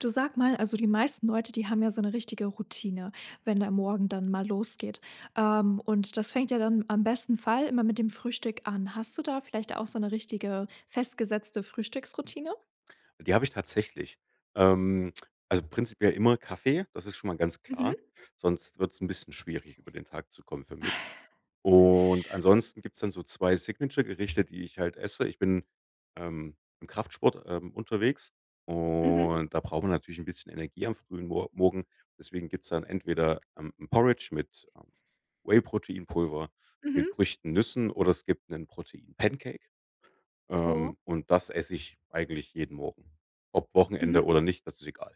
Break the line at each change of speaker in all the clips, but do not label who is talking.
Du sag mal: Also, die meisten Leute, die haben ja so 'ne richtige Routine, wenn der morgen dann mal losgeht, ähm, und das fängt ja dann am besten Fall immer mit dem Frühstück an. Hast du da vielleicht auch so 'ne richtige festgesetzte Frühstücksroutine?
Die habe ich tatsächlich. Ähm. Also, prinzipiell immer Kaffee, das ist schon mal ganz klar,
Mhm.
sonst wird's 'n bisschen schwierig, über den Tag zu kommen für mich. Und ansonsten gibt's dann so 2 Signature Gerichte, die ich halt esse. Ich bin, ähm, im Kraftsport, ähm, unterwegs
Mhm.
und da braucht man natürlich 'n bisschen Energie am frühen Mor Morgen. Deswegen gibt's dann entweder 'n 'n Porridge mit, ähm, Whey-Proteinpulver, viel
Mhm.
Früchten, Nüssen oder es gibt 'nen Protein-Pancake,
Oh?
ähm, und das esse ich eigentlich jeden Morgen. Ob
Mhm.
Wochenende oder nicht, das ist egal.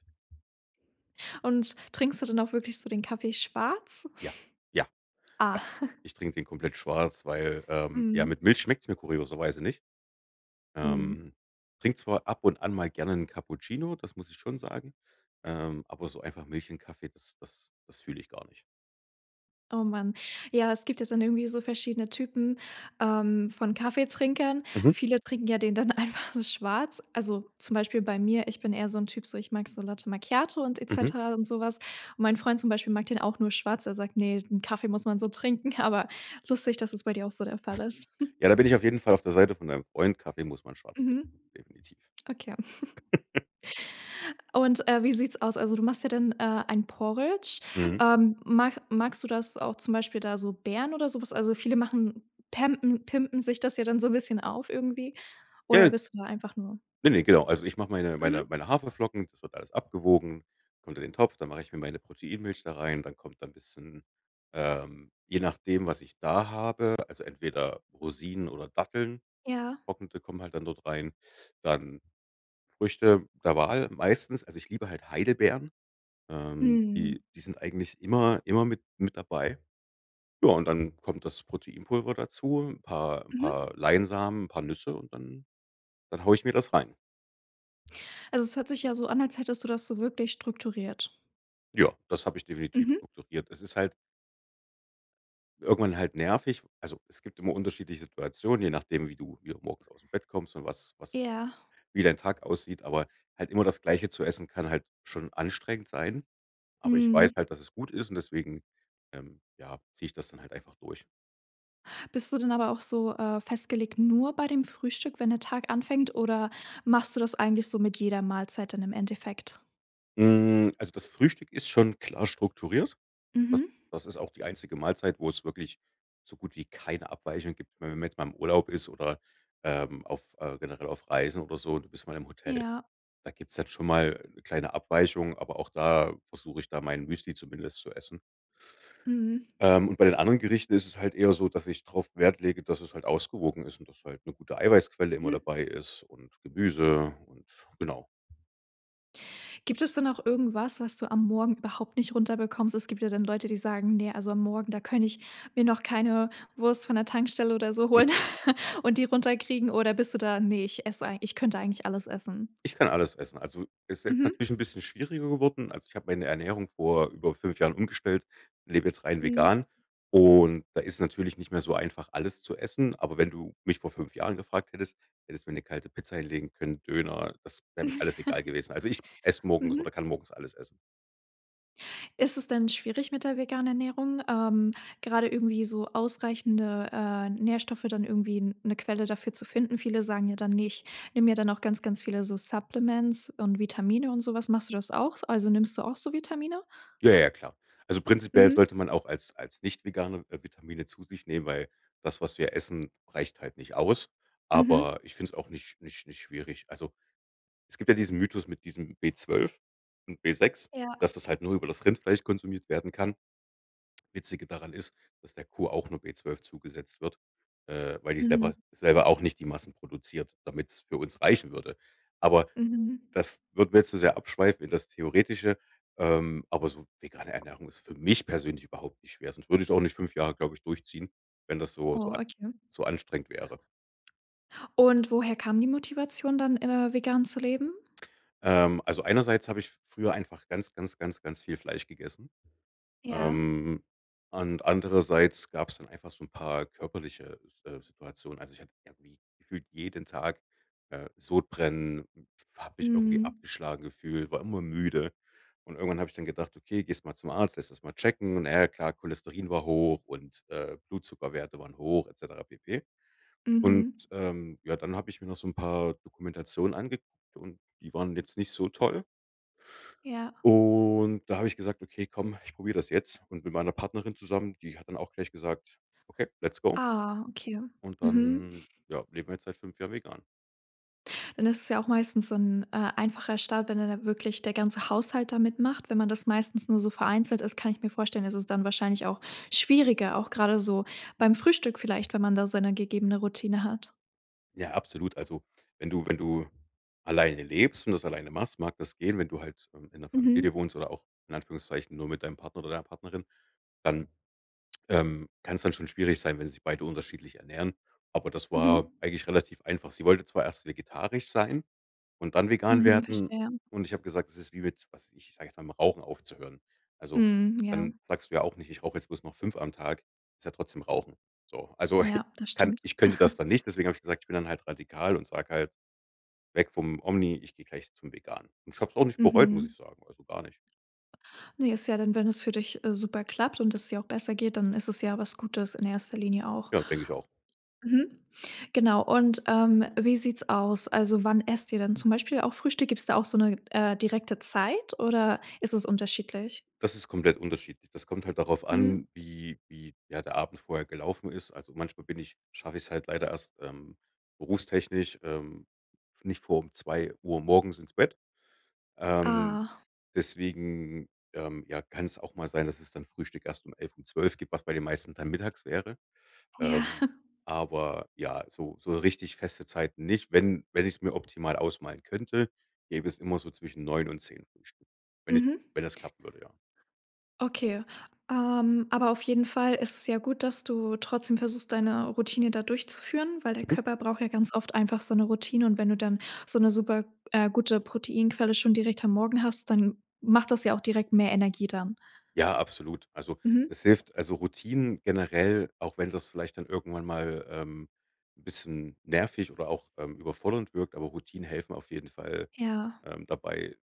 Und trinkst du dann auch wirklich so den Kaffee schwarz?
Ja, ja,
Ah.
ja. Ich trinke den komplett schwarz, weil ähm, ja, mit
Mhm.
Milch schmeckt's mir kurioserweise nicht.
Mhm.
Ähm, trinke zwar ab und an mal gerne 'n Cappuccino, das muss ich schon sagen, ähm, aber so einfach Milch in Kaffee, das das das fühle ich gar nicht.
Oh, mann. Ja, es gibt ja dann irgendwie so verschiedene Typen, ähm, von Kaffeetrinkern.
Mhm.
Viele trinken ja den dann einfach so schwarz. Also, zum Beispiel bei mir, ich bin eher so 'n Typ, so, ich mag so Latte Macchiato und et
Mhm.
cetera und so was. Mein Freund zum Beispiel mag den auch nur schwarz. Er sagt: „Ne, den Kaffee muss man so trinken.“, aber lustig, dass es bei dir auch so der Fall ist.
Ja, da bin ich auf jeden Fall auf der Seite von deinem Freund. Kaffee muss man schwarz
Mhm,
trinken, definitiv.
okay. Und, äh, wie sieht's aus? Also, du machst ja dann, äh, ein Porridge.
Mhm.
Ähm, mach magst du das auch zum Beispiel da so Beeren oder so was? Also, viele machen pämpen pimpen sich das ja dann so bisschen auf irgendwie,
Ja,
oder
ja.
bist du da einfach nur
Ne, ne, genau. Also, ich mache meine meine
Mhm.
meine Haferflocken, das wird alles abgewogen, kommt in den Topf, dann mache ich mir meine Proteinmilch da rein. Dann kommt da 'n bisschen ähm, je nachdem, was ich da habe, also, entweder Rosinen oder Datteln,
Ja.
getrocknete, kommen halt dann dort rein, dann Früchte der Wahl meistens. Also, ich liebe halt Heidelbeeren, ähm,
Mhm.
die die sind eigentlich immer immer mit mit dabei. Ja, und dann kommt das Proteinpulver dazu, 'n paar 'n
Mhm.
paar Leinsamen, 'n paar Nüsse und dann dann haue ich mir das rein.
Also, es hört sich ja so an, als hättest du das so wirklich strukturiert.
Ja, das habe ich definitiv
Mhm.
strukturiert. Es ist halt irgendwann halt nervig. Also, es gibt immer unterschiedliche Situationen, je nachdem, wie du hier auch morgens ausm Bett kommst und was was
Ja.
wie dein Tag aussieht, aber halt immer das Gleiche zu essen kann halt schon anstrengend sein. Aber ich weiß
Mhm.
halt, dass es gut ist und deswegen, ähm, ja, ziehe ich das dann halt einfach durch.
Bist du dann aber auch so, äh, festgelegt nur bei dem Frühstück, wenn der Tag anfängt oder machst du das eigentlich so mit jeder Mahlzeit dann im Endeffekt?
Hm, also, das Frühstück ist schon klar strukturiert. Das
Mhm.
das ist auch die einzige Mahlzeit, wo es wirklich so gut wie keine Abweichungen gibt. Ich meine, wenn man jetzt mal im Urlaub ist oder, ähm, auf äh, generell auf Reisen oder so, du bist mal im Hotel.
Ja.
Da gibt's jetzt schon mal kleine Abweichung, aber auch da versuche ich da mein Müsli zumindest zu essen.
Mhm.
Ähm, und bei den anderen Gerichten ist es halt eher so, dass ich drauf Wert lege, dass es halt ausgewogen ist und dass halt 'ne gute Eiweißquelle immer
Mhm.
dabei ist und Gemüse und genau.
Gibt es denn auch irgendwas, was du am Morgen überhaupt nicht runter bekommst? Es gibt ja dann Leute, die sagen: „Ne, also, am Morgen da könnte ich mir noch keine Wurst von der Tankstelle oder so holen und die runter kriegen,“ oder bist du da: „Ne, ich esse ei ich könnte eigentlich alles essen.“
Ich kann alles essen. Also, ist jetzt
Mhm.
natürlich 'n bisschen schwieriger geworden. Also, ich habe meine Ernährung vor über 5 Jahren umgestellt, lebe jetzt rein
Mhm.
vegan. Und da ist natürlich nicht mehr so einfach, alles zu essen. Aber wenn du mich vor 5 Jahren gefragt hättest, hättest mir 'ne kalte Pizza hinlegen können, Döner, das wäre mir alles egal gewesen. Also, ich esse morgens
Mhm.
oder kann morgens alles essen.
Ist es denn schwierig mit der veganen Ernährung, ähm, gerade irgendwie so ausreichende, äh, Nährstoffe dann irgendwie 'ne Quelle dafür zu finden? Viele sagen ja dann: „Ne, ich nehme mir dann auch ganz ganz viele so Supplements und Vitamine und sowas.“ Machst du das auch? Also, nimmst du auch so Vitamine?
Ja, ja, klar. Also, prinzipiell
Mhm.
sollte man auch als als nicht Veganer Vitamine zu sich nehmen. Weil das, was wir essen, reicht halt nicht aus.
Mhm.
Aber ich finde es auch nicht nicht nicht schwierig. Also, es gibt ja diesen Mythos mit diesem B12 und B6,
Ja.
dass das halt nur über das Rindfleisch konsumiert werden kann. Witzige daran ist, dass der Kuh auch nur B12 zugesetzt wird, äh, weil die selber
Mhm.
selber auch nicht die Massen produziert, damit's für uns reichen würde. Aber
Mhm.
das würden wir jetzt zu sehr abschweifen in das Theoretische. Ähm, aber so vegane Ernährung ist für mich persönlich überhaupt nicht schwer. Sonst würde ich's auch nicht 5 Jahre, glaube ich, durchziehen, wenn das so so
Oh,
a
okay.
so anstrengend wäre.
Und woher kam die Motivation dann, äh, vegan zu leben?
Ähm, also, einerseits habe ich früher einfach ganz, ganz, ganz, ganz viel Fleisch gegessen.
Ja.
Ähm, und andererseits gab's dann einfach so 'n paar körperliche S äh, Situationen. Also, ich hatte irgendwie gefühlt jeden Tag, äh, Sodbrennen und habe mich irgendwie
Mhm.
abgeschlagen gefühlt, war immer müde. Und irgendwann habe ich dann gedacht: „Okay, gehst du mal zum Arzt, lässt das mal checken.“ Und, na ja, klar, Cholesterin war hoch und, äh, Blutzuckerwerte waren hoch et cetera pp. Und,
Mhm.
ähm, ja, dann habe ich mir noch so 'n paar Dokumentationen angeguckt, und die waren jetzt nicht so toll.
Ja.
Und da habe ich gesagt: „Okay, komm, ich probiere das jetzt.“ Und mit meiner Partnerin zusammen, die hat dann auch gleich gesagt: „Okay, let's go.“
Ah, okay,
Und
mhm.
dann, ja, leben wir jetzt seit 5 Jahren vegan.
Dann ist es ja auch meistens so 'n, äh, einfacher Start, wenn da dann wirklich der ganze Haushalt da mitmacht. Wenn man das meistens nur so vereinzelt ist, kann ich mir vorstellen, dass es dann wahrscheinlich auch schwieriger auch grade so beim Frühstück vielleicht, wenn man da seine gegebene Routine hat.
Ja, absolut. Also, wenn du wenn du alleine lebst und das alleine machst, mag das gehen. Wenn du halt, äh, in 'ner Familie
Mhm.
wohnst oder auch in Anführungszeichen nur mit deinem Partner oder deiner Partnerin, dann, ähm, kann's dann schon schwierig sein, wenn sie sich beide unterschiedlich ernähren. Aber das war
Mhm.
eigentlich relativ einfach. Sie wollte zwar erst vegetarisch sein und dann vegan
Mhm,
werden.
verstehe.
Und ich habe gesagt, das ist wie mit was weiß ich, ich sage jetzt mal, mit dem Rauchen aufzuhören. Also,
Mhm,
dann
ja.
sagst du ja auch nicht, ich rauche jetzt bloß noch 5 am Tag, ist ja trotzdem rauchen. So, also,
Ja, das
kann
stimmt.
ich könnte das dann nicht. Deswegen habe ich gesagt, ich bin dann halt radikal und sage halt, weg vom Omni, ich gehe gleich zum Vegan. Und ich habe es auch nicht bereut, muss
Mhm.
ich sagen, also, gar nicht.
Ne, ist ja dann wenn es für dich, äh, super klappt und es dir auch besser geht, dann ist es ja was Gutes in 1. Linie auch.
Ja, denke ich auch.
Mhm, genau, und, ähm, wie sieht's aus? Also, wann esst ihr dann zum Beispiel auch Frühstück? Gibt's da auch so 'ne, äh, direkte Zeit, oder ist es unterschiedlich?
Das ist komplett unterschiedlich. Das kommt halt darauf an
Mhm.
wie wie, ja, der Abend vorher gelaufen ist. Also, manchmal bin ich schaffe ich's halt leider erst, ähm, berufstechnisch, ähm nicht vor 2:00 morgens ins Bett. Ähm,
Ah.
deswegen, ähm, ja, kann's auch mal sein, dass es dann Frühstück erst um 11:00, um 12:00 gibt, was bei den meisten dann mittags wäre.
Ja.
Ähm, aber, ja, so so richtig feste Zeiten nicht. Wenn wenn ich's mir optimal ausmalen könnte, gäbe es immer so zwischen 9:00 und 10:00 Frühstück. Wenn ich
Mhm.
wenn das klappen würde, ja.
Okay, ähm, aber auf jeden Fall ist es ja gut, dass du trotzdem versuchst deine Routine da durchzuführen, weil der
Mhm.
Körper braucht ja ganz oft einfach so 'ne Routine. Und wenn du dann so 'ne super, äh, gute Proteinquelle schon direkt am Morgen hast, dann macht das ja auch direkt mehr Energie dann.
Ja, absolut. Also,
Mhm.
es hilft also, Routinen generell auch wenn das vielleicht dann irgendwann mal, ähm, 'n bisschen nervig oder auch, ähm, überfordernd wirkt, aber Routinen helfen auf jeden Fall,
Ja.
ähm, dabei,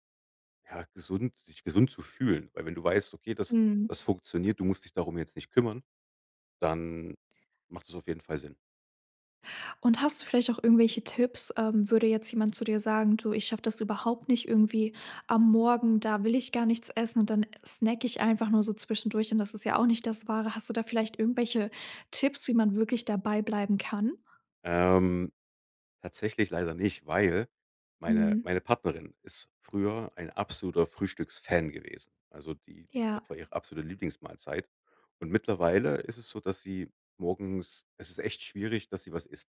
ja, gesund sich gesund zu fühlen. Weil wenn du weißt: „Okay, das
Mhm.
das funktioniert, du musst dich darum jetzt nicht kümmern“, dann macht es auf jeden Fall Sinn.
Und hast du vielleicht auch irgendwelche Tipps, ähm, würde jetzt jemand zu dir sagen: „Du, ich schaffe das überhaupt nicht irgendwie. Am Morgen, da will ich gar nichts essen und dann snacke ich einfach nur so zwischendurch. Und das ist ja auch nicht das Wahre.“ Hast du da vielleicht irgendwelche Tipps, wie man wirklich dabei bleiben kann?
Ähm, tatsächlich leider nicht, weil meine
Mhm.
meine Partnerin ist früher ein absoluter Frühstücksfan gewesen. Also, die die das
Ja.
war ihre absolute Lieblingsmahlzeit. Und mittlerweile ist es so, dass sie morgens es ist echt schwierig, dass sie was isst.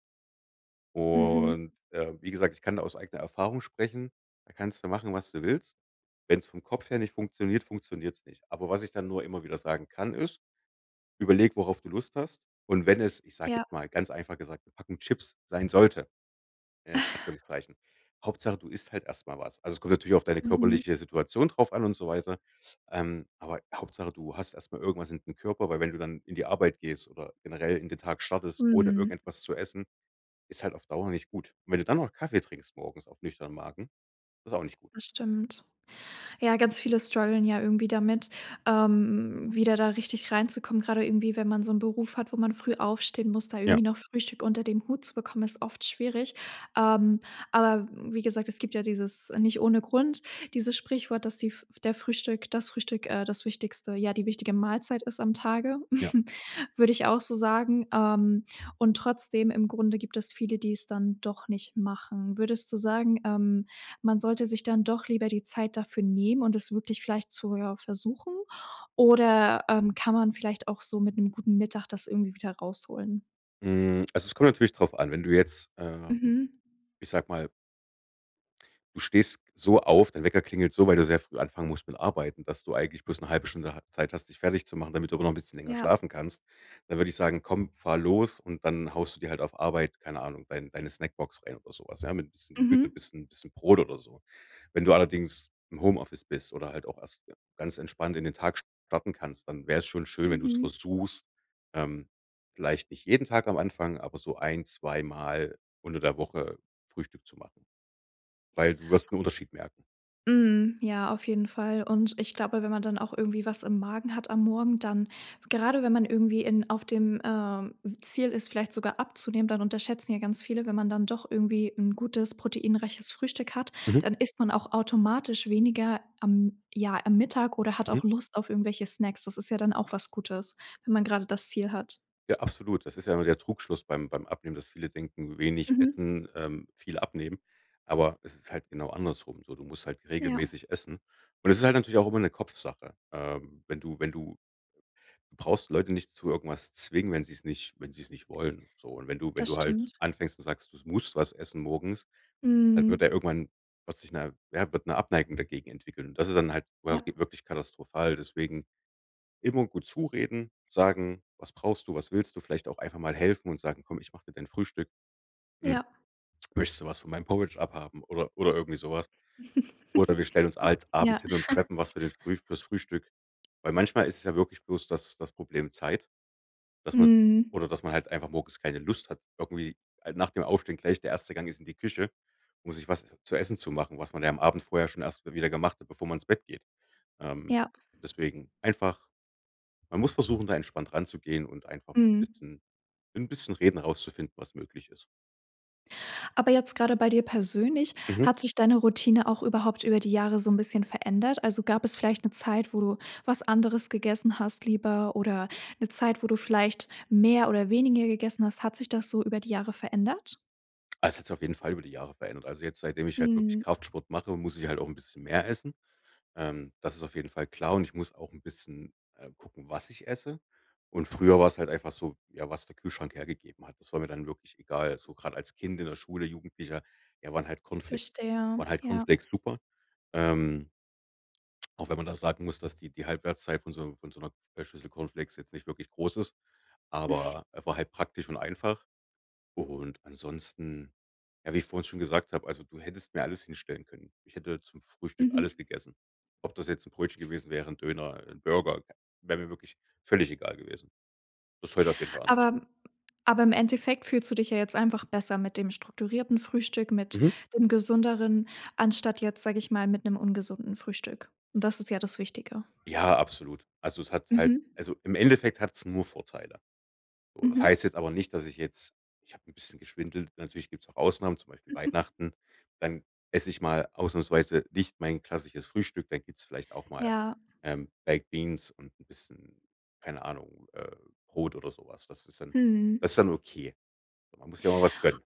Mhm.
Und, äh, wie gesagt, ich kann da aus eigener Erfahrung sprechen. Da kannst du machen, was du willst. Wenn's vom Kopf her nicht funktioniert, funktioniert's nicht. Aber was ich dann nur immer wieder sagen kann, ist: „Überleg, worauf du Lust hast.“ Und wenn es, ich sage
Ja.
jetzt mal, ganz einfach gesagt, 'ne Packung Chips sein sollte in Anführungszeichen, Hauptsache du isst halt erst mal was. Also, es kommt natürlich auf deine
Mhm.
körperliche Situation drauf an und so weiter, ähm, aber Hauptsache du hast erst mal irgendwas in dem Körper, weil wenn du dann in die Arbeit gehst oder generell in den Tag startest ohne
Mhm.
irgendetwas zu essen, ist halt auf Dauer nicht gut. Und wenn du dann noch Kaffee trinkst morgens auf nüchternen Marken, ist auch nicht gut.
Das stimmt. Ja, ganz viele strugglen ja irgendwie damit, ähm, wieder da richtig reinzukommen, gerade irgendwie, wenn man so 'n Beruf hat, wo man früh aufstehen muss, da
Ja.
irgendwie noch Frühstück unter dem Hut zu bekommen, ist oft schwierig. Ähm, aber wie gesagt, es gibt ja dieses nicht ohne Grund, dieses Sprichwort, dass die der Frühstück das Frühstück, äh, das Wichtigste ja, die wichtige Mahlzeit ist am Tage,
Ja.
würde ich auch so sagen. Ähm, und trotzdem im Grunde gibt es viele, die es dann doch nicht machen. Würdest du sagen, ähm, man sollte sich dann doch lieber die Zeit dafür nehmen und es wirklich vielleicht zu ja, versuchen oder, ähm, kann man vielleicht auch so mit 'nem guten Mittag das irgendwie wieder rausholen?
Hm, also, es kommt natürlich drauf an. Wenn du jetzt, äh,
Mhm.
ich sage mal du stehst so auf dein Wecker klingelt so, weil du sehr früh anfangen musst mit arbeiten, dass du eigentlich bloß 'ne 1/2 Stunde ha Zeit hast, dich fertigzumachen, damit du aber noch 'n bisschen länger
Ja.
schlafen kannst. Dann würde ich sagen: „Komm, fahr los und dann haust du dir halt auf Arbeit, keine Ahnung, dein deine Snackbox rein oder so was, ja, mit 'n bisschen bi
Mhm.
bisschen bisschen Brot oder so. Wenn du allerdings im Homeoffice bist oder halt auch erst ganz entspannt in den Tag starten kannst, dann wär's schon schön, wenn du's
Mhm.
versuchst, ähm, vielleicht nicht jeden Tag am Anfang, aber so ein zweimal unter der Woche Frühstück zu machen, weil du wirst 'n Unterschied merken.
Mhm, ja auf jeden Fall. Und ich glaube, wenn man dann auch irgendwie was im Magen hat am Morgen, dann gerade wenn man irgendwie in auf dem, ähm, w Ziel ist, vielleicht sogar abzunehmen, dann unterschätzen ja ganz viele: Wenn man dann doch irgendwie 'n gutes, proteinreiches Frühstück hat,
Mhm.
dann isst man auch automatisch weniger am ja, am Mittag oder hat
Mhm.
auch Lust auf irgendwelche Snacks. Das ist ja dann auch was Gutes, wenn man grade das Ziel hat.
Ja, absolut. Das ist ja immer der Trugschluss beim beim Abnehmen, dass viele denken, wenig
Mhm.
essen, ähm, viel abnehmen, aber es ist halt genau andersrum so. Du musst halt
Ja.
regelmäßig essen. Und das ist halt natürlich auch immer 'ne Kopfsache. Ähm, wenn du wenn du du brauchst Leute nicht zu irgendwas zwingen, wenn sie's nicht wenn sie's nicht wollen, so. Und wenn du wenn
Das
du halt
stimmt.
anfängst und sagst: „Du musst was essen morgens“, dann wird
Mhm.
ja, irgendwann wird sich 'ne ja, wird 'ne Abneigung dagegen entwickeln. Und das ist dann halt
Ja.
[unintelligible] wirklich katastrophal, deswegen: immer gut zureden, sagen: „Was brauchst du? Was willst du?“ Vielleicht auch einfach mal helfen und sagen: „Komm, ich mache dir dein Frühstück. Hm,
Ja.
möchtest du was von meinem Porridge abhaben“ oder oder irgendwie so was. Oder wir stellen uns als abends
Ja.
hin und preppen was für den Früh fürs Frühstück. Weil manchmal ist ja wirklich bloß, das das Problem Zeit, dass man
Mhm.
oder dass man halt einfach morgens keine Lust hat irgendwie halt nach dem Aufstehen gleich der 1. Gang ist in die Küche, um sich was zu essen zu machen, was man ja am Abend vorher schon erst mal wieder gemacht hat, bevor man ins Bett geht. Ähm,
Ja.
deswegen einfach man muss versuchen, da entspannt ranzugehen und einfach mit 'n
Mhm.
bisschen 'n bisschen Reden herauszufinden, was möglich ist.
Aber jetzt grade bei dir persönlich,
Mhm.
hat sich deine Routine auch überhaupt über die Jahre so 'n bisschen verändert? Also, gab es vielleicht ne, Zeit, wo du was anderes gegessen hast lieber oder 'ne Zeit, wo du vielleicht mehr oder weniger gegessen hast? Hat sich das so über die Jahre verändert?
Es hat sich auf jeden Fall über die Jahre verändert. Also, jetzt seitdem ich halt wirklich
Mhm.
Kraftsport mache, muss ich halt auch 'n bisschen mehr essen, ähm, das ist auf jeden Fall klar. Und ich muss auch 'n bisschen, äh, gucken, was ich esse. Und früher war's halt einfach so, ja, was der Kühlschrank hergegeben hat. Das war mir dann wirklich egal, so grad als Kind in der Schule, Jugendlicher, ja, waren halt Cornflakes
Verstehe,
waren halt
ja.
Cornflakes super. Ähm auch wenn man da sagen muss, dass die die Halbwertszeit von so von so 'ner, äh, Schlüssel Cornflakes jetzt nicht wirklich groß ist, aber, äh, war halt praktisch und einfach. Und ansonsten, ja, wie ich vorhin schon gesagt habe, also, du hättest mir alles hinstellen können. Ich hätte zum Frühstück alles
Mhm.
gegessen. Ob das jetzt 'n Brötchen gewesen wäre, 'n Döner, 'n Burger, wäre mir wirklich völlig egal gewesen. Das ist heute auf jeden Fall
Aber
anders.
m aber im Endeffekt fühlst du dich ja jetzt einfach besser mit dem strukturierten Frühstück, mit
Mhm.
dem Gesünderen, anstatt jetzt, sage ich mal, mit 'nem ungesunden Frühstück und das ist ja das Wichtige.
Ja, absolut. Also, es hat halt
Mhm.
also, im Endeffekt hat's nur Vorteile. So, das
Mhm.
heißt jetzt aber nicht, dass ich jetzt ich habe 'n bisschen geschwindelt, natürlich gibt's auch Ausnahmen, zum Beispiel Weihnachten. Dann esse ich mal ausnahmsweise nicht mein klassisches Frühstück, dann gibt's vielleicht auch mal,
Ja.
ähm, baked beans und 'n bisschen, keine Ahnung, äh, Brot oder so was. Das ist dann
Mhm.
das ist dann okay. So, man muss sich ja auch mal was gönnen.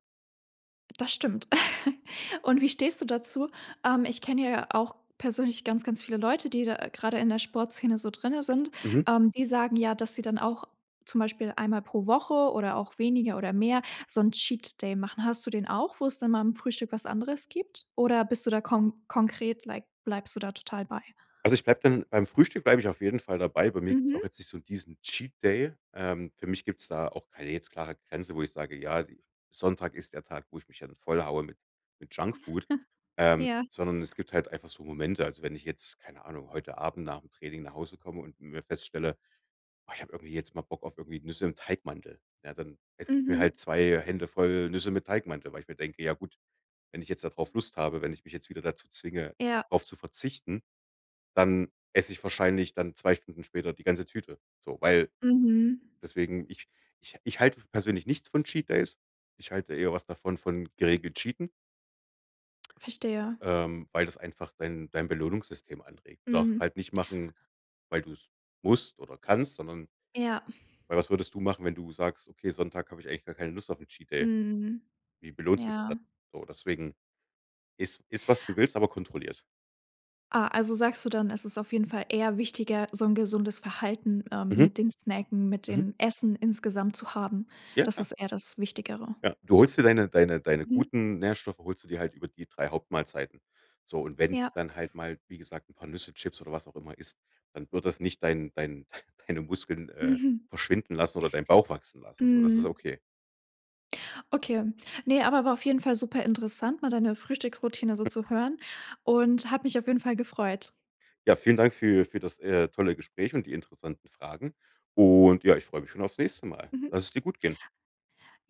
Das stimmt. Und wie stehst du dazu? Ähm, ich kenne ja auch persönlich ganz ganz viele Leute, die da gerade in der Sportszene so drinnen sind,
Mhm.
äh, die sagen, ja, dass sie dann auch zum Beispiel einmal pro Woche oder auch weniger oder mehr so 'n Cheat-Day machen. Hast du den auch, wo es dann mal im Frühstück was anderes gibt oder bist du da kon konkret, like bleibst du da total bei?
Also, ich bleibe dann beim Frühstück bleibe ich auf jeden Fall dabei. Bei mir gibt's
Mhm.
auch jetzt nicht so 'n diesen Cheat-Day. Ähm, für mich gibt's da auch keine jetzt klare Grenze, wo ich sage: „Ja, Sonntag ist der Tag, wo ich mich dann voll haue mit mit Junkfood.“ Ähm,
Ja.
sondern es gibt halt einfach so Momente. Also, wenn ich jetzt keine Ahnung, heute Abend nach'm Training nach Hause komme und, m feststelle: „Oh, ich habe irgendwie jetzt mal Bock auf irgendwie Nüsse im Teigmantel“, ja, dann esse ich mir
Mhm.
halt 2 Hände voll Nüsse mit Teigmantel, weil ich mir denke: „Ja gut, wenn ich jetzt da drauf Lust habe wenn ich mich jetzt wieder dazu zwinge,
Ja.
drauf zu verzichten, dann esse ich wahrscheinlich dann 2 Stunden später die ganze Tüte.“ So, weil
Mhm.
deswegen ich ich ich halte persönlich nichts von Cheat-Days. Ich halte eher was davon von geregelt cheaten
Verstehe.
ähm, weil das einfach dein dein Belohnungssystem anregt. Du darfst
Mhm.
halt nicht machen, weil du's musst oder kannst, sondern
Ja.
weil was würdest du machen, wenn du sagst: „Okay, Sonntag habe ich eigentlich gar keine Lust auf 'n Cheat-Day.“
Mhm,
Wie belohnt's du dich dann,
ja.
so? Deswegen iss iss, was du willst, aber kontrolliert.
Ah, also, sagst du dann, es ist auf jeden Fall eher wichtiger, so 'n gesundes Verhalten, ähm,
Mhm.
mit dem Snacken, mit
Mhm.
dem Essen insgesamt zu haben,
Ja,
das
klar.
ist eher das Wichtigere.
Ja, du holst dir deine deine deine
Mhm.
guten Nährstoffe, holst du dir halt über die 3 Hauptmahlzeiten. So und wenn
Ja.
dann halt mal, wie gesagt, 'n paar Nüsse, Chips oder was auch immer isst, dann wird das nicht dein dein deine Muskeln, äh,
Mhm.
verschwinden lassen oder deinen Bauch wachsen lassen. So, das ist
Mhm.
okay.
Okay, ne, aber war auf jeden Fall superinteressant mal deine Frühstücksroutine so zu hören und hat mich auf jeden Fall gefreut.
Ja, vielen Dank für für das, äh, tolle Gespräch und die interessanten Fragen. Und, ja, ich freue mich schon aufs nächste Mal.
Mhm.
Lass es dir gut gehen.
Jo